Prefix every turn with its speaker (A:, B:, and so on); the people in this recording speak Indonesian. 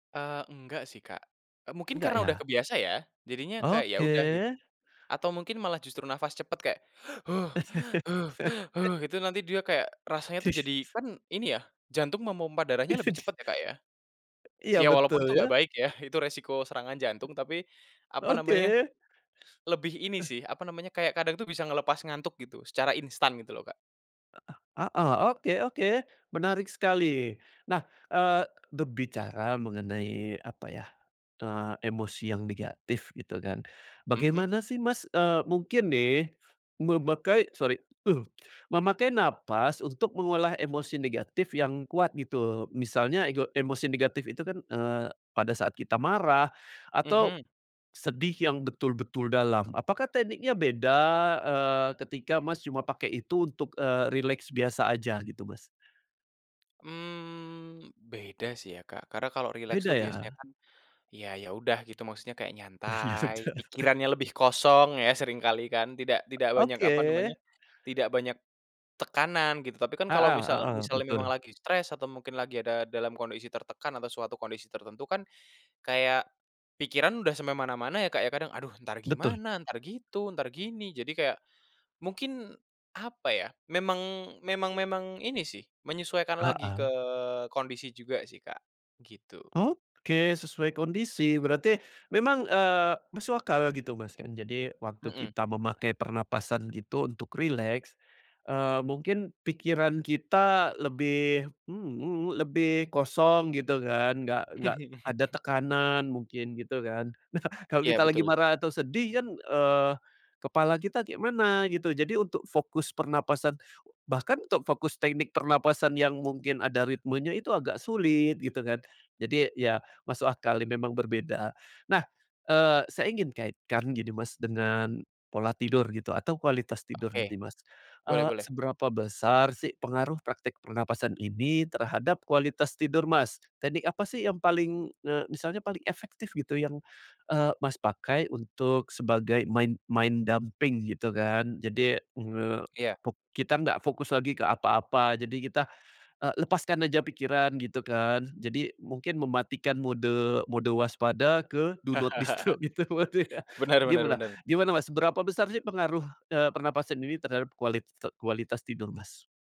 A: Eee, enggak sih, Kak. E mungkin
B: Enggak,
A: karena udah
B: ya?
A: kebiasa, ya? Jadinya kayak, ya udah, gitu.
B: Oke.
A: Atau mungkin malah justru nafas cepet kayak, itu nanti dia kayak rasanya tuh jadi kan, ini ya, jantung memompa darahnya lebih cepet ya, Kak, ya.
B: Iya,
A: Ya, walaupun
B: betul,
A: itu
B: ya.
A: ngggak baik, ya. Itu resiko serangan jantung, tapi, apa
B: Oke.
A: namanya,
B: Eh.
A: lebih ini sih, apa namanya, kayak kadang tuh bisa ngelepas ngantuk gitu, secara instan gitu loh, Kak.
B: Heeh. Oke oke. Menarik sekali. Nah, eee, berbicara mengenai, apa ya, eee, emosi yang negatif, gitu kan.
A: Mhm.
B: Bagaimana sih, Mas, eee mungkin nih, memakai sori, memakai nafas untuk mengolah emosi negatif yang kuat gitu, misalnya ego emosi negatif itu kan, eee, pada saat kita marah atau
A: Mhm.
B: sedih yang betul-betul dalam, apakah tekniknya beda, eee, ketika Mas cuma pakai itu, eee, untuk rileks biasa aja gitu, Mas?
A: Mhm. Beda sih ya, Kak. Karena kalau rileks tuh
B: Beda,
A: biasanya
B: ya?
A: kan, ya ya, udah gitu, maksudnya kayak
B: Ya,
A: nyantai,
B: sudah.
A: pikirannya lebih kosong ya, seringkali kan, tidak tidak banyak,
B: Oke.
A: apa namanya, tidak banyak tekanan, gitu. Tapi kan
B: Heeh
A: kalau misal
B: heeh.
A: misalnya memang
B: Betul.
A: lagi stress, atau mungkin lagi ada dalam kondisi tertekan atau suatu kondisi tertentu kan, kayak pikiran udah sampai mana-mana ya, Kak, ya. Kadang, aduh, entar
B: Betul.
A: gimana, entar gitu, entar gini. Jadi kayak mungkin, apa ya, memang memang memang ini sih, menyesuaikan lagi ke
B: Heeh.
A: kondisi juga sih, Kak. Gitu.
B: Oke, sesuai kondisi. Berarti memang, eee, masuk akal gitu, Mas, kan. Jadi waktu
A: Mhm.
B: kita memakai pernapasan gitu untuk rileks, eee, mungkin pikiran kita lebih mhm mhm, lebih kosong, gitu kan. Nggak nggak ada tekanan, mungkin, gitu kan. Nah, kalau
A: Iya,
B: kita lagi
A: betul.
B: marah atau sedih kan, eee, kepala kita kayak mana gitu. Jadi untuk fokus pernapasan bahkan untuk fokus teknik pernapasan yang mungkin ada ritmenya itu agak sulit, gitu kan. Jadi ya, masuk akal memang berbeda. Nah, eee, saya ingin kaitkan gini, Mas, dengan pola tidur gitu atau kualitas tidur
A: Oke.
B: gini, Mas,
A: Boleh
B: eee,
A: boleh.
B: seberapa besar sih pengaruh praktek pernapasan ini terhadap kualitas tidur, Mas? Teknik apa sih yang paling, eee, misalnya paling efektif gitu yang, eee, Mas, pakai untuk sebagai main main dumping gitu kan. Jadi, eee,
A: Iya.
B: fok kita nggak fokus lagi ke apa-apa, jadi kita, eee, lepaskan aja pikiran, gitu kan, jadi mungkin mematikan mode mode waspada ke do not disturb gitu pasti, ya.
A: Bener bener
B: Gimana,
A: bener.
B: gimana, Mas? Berapa besar sih pengaruh, eee, pernapasan ini terhadap kualit kualitas tidur, Mas?